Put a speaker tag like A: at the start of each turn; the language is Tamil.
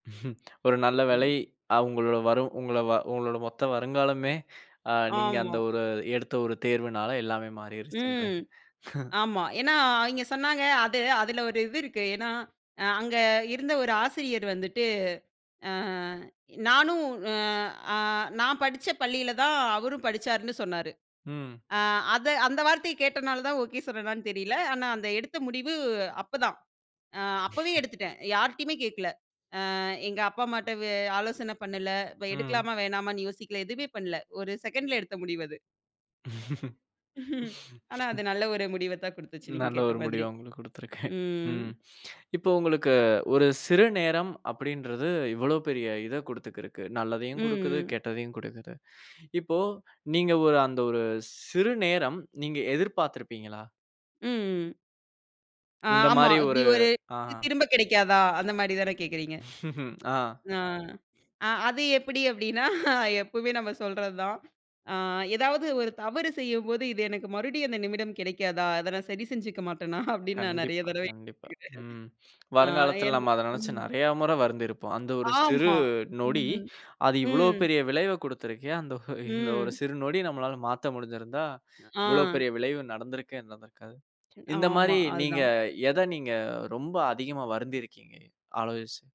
A: ஒரு நல்ல வேலை,
B: ம்.
A: அவுங்களோட வரும் உங்கள உங்களோட மொத்த வருங்காலமே, அ நீங்க அந்த
B: ஆமா.
A: ஒரு எடுத்த ஒரு தேர்வுனால எல்லாமே
B: ம்,
A: மாறிடுச்சுன்றேன்.
B: ஆமா. ஏன்னா, அவைங்க சொன்னாங்க, அது அதுல ஒரு இது இருக்கு. ஏன்னா, அ அங்க இருந்த ஒரு ஆசிரியர் வந்துட்டு, அ நானும் அ ஆ நான் படிச்ச பள்ளியில தான் அவரும் படிச்சாருன்னு சொன்னாரு.
A: ம்.
B: ஆ அத அந்த வார்த்தைய கேட்டனாலதான் ஓகே சொன்னேனான்னு தெரியல! ஆனா அந்த எடுத்த முடிவு அப்பதான். அ அப்பவே எடுத்துட்டேன். யார்ட்டயுமே கேக்கல. அ எங்க அப்பா அம்மாட்ட வ ஆலோசனை பண்ணல, வ
A: ம்.
B: எடுக்கலாமா வேணாமான்னு யோசிக்கல! எதுவுமே பண்ணல. 1 செக்கண்டல எடுத்த முடிவு அது. ஆனா அது நல்ல ஒரு முடிவத்தான் குடுத்துச்சு நீங்கக்
A: நல்ல
B: கேட்ட
A: ஒரு
B: மாதிரி.
A: முடிவா உங்களுக்கு கொடுத்து இருக்கேன்.
B: ம்.
A: ம் இப்போ உங்களுக்கு, ஒரு சிறு நேரம் அப்படின்றது, இவ்வளவு பெரிய இதக் குடுத்துக்குருக்கு.
B: ம்
A: நல்லதையும் குடுக்குது.
B: ம்.
A: கெட்டதையும் குடுக்குது. இப்போ நீங்க ஒரு அந்த ஒரு சிறு நேரம் நீங்க எதிர்பாத்துருப்பீங்களா?
B: ம் ம். அ
A: இந்த
B: ஆமா.
A: மாரி
B: இப்டி
A: ஒரு
B: ஒரு
A: அஹா.
B: திரும்பக் கெடைக்காதா அந்த மாரி தானே கேக்குறீங்க?
A: ஆ.
B: ஆ, அ அது எப்டி அப்டின்னா? எப்பவுமே நாம சொல்றதுதான். ஆ ஏதாவது ஒரு தவறு செய்யம்போது, இது எனக்கு மறுபடியும் அந்த நிமிடம் கிடைக்காதா? அத நான் சரி செஞ்சிக்க மாட்டனா? அப்டின்னு, நான் நெறைய
A: கண்டிப்பா
B: தரவை.
A: கண்டிப்பா, ம்.
B: [unintelligible] ஆ
A: வருங்காலத்துல
B: என்ன
A: நம்ம அத நெனச்சு
B: ம்.
A: நறையா முறை வருந்திருப்போம். அந்த ஒரு சிறு
B: ஆமா.
A: நொடி,
B: ம்
A: அது இவ்வளோ
B: ம்.
A: பெரிய விளைவைக் கொடுத்து இருக்கே! அந்த ஒ இந்த ஒரு
B: ம்.
A: சிறு நொடி நம்மளால மாத்த முடிஞ்சிருந்தா, இவ்வளவு
B: ஆ.
A: பெரிய விளைவு நடந்திருக்கவே நடந்திருக்காது.
B: ம்
A: இந்த
B: ஆமா,
A: மாரி
B: அது
A: நீங்க
B: தான்.
A: எத நீங்க ரொம்ப அதிகமா வருந்திருக்கீங்க? ஆலோசி